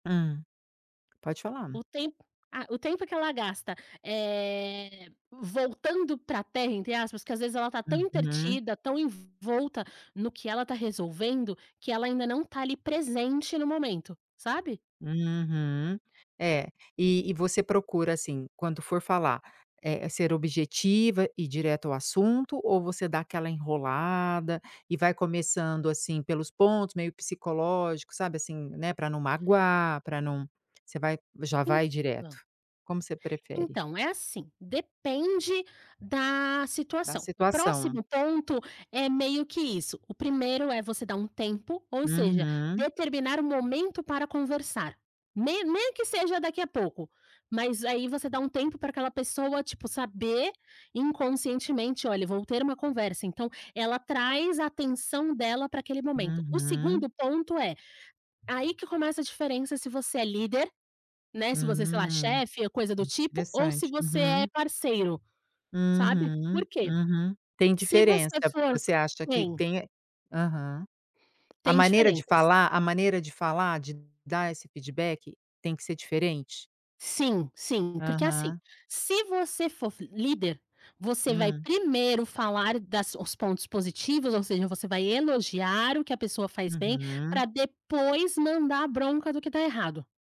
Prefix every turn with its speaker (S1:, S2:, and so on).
S1: Hum, pode falar.
S2: O tempo ah, o tempo que ela gasta, eh, voltando para a Terra, entre aspas. Às vezes, ela está tão
S1: Uhum.
S2: entretida, tão envolvida no que ela está resolvendo, que ela ainda não está ali presente no momento, sabe.
S1: Uhum, é, e você procura, assim, quando for falar, eh, ser objetiva, ir direto ao assunto, ou você dá aquela enrolada e vai começando, assim, pelos pontos meio psicológicos, sabe, assim, né, para não magoar, para não Você já vai direto?
S2: Então
S1: Como você prefere?
S2: Então, é assim, depende da
S1: Da
S2: situação. O
S1: situação.
S2: próximo ponto é meio que isso. O primeiro é você dar um tempo, ou seja,
S1: Uhum.
S2: determinar um momento para conversar, nem nem que seja daqui a pouco. Mas aí você dá um tempo para aquela pessoa, tipo, saber inconscientemente: "Olha, eu vou ter uma conversa". Então, ela traz a atenção dela para aquele momento. O
S1: Uhum.
S2: segundo ponto é... Aí que começa a diferença, se você é líder, né, se você, sei lá,
S1: Hum,
S2: chefe, coisa do tipo, ou se
S1: interessante.
S2: você é
S1: Uhum.
S2: parceiro. Sabe
S1: Uhum,
S2: por quê?
S1: uhum, tem
S2: Se você
S1: diferença,
S2: for
S1: você acha que
S2: tem
S1: tem e Aham. A
S2: tem
S1: maneira de
S2: diferenças.
S1: falar a maneira de falar, de dar esse feedback tem que ser diferente?
S2: Sim, sim, porque assim,
S1: Aham.
S2: se você for líder, você vai
S1: Hum.
S2: primeiro falar dos pontos positivos, ou seja, você vai elogiar o que a pessoa faz bem,
S1: Uhum.
S2: para depois mandar a bronca do que está errado.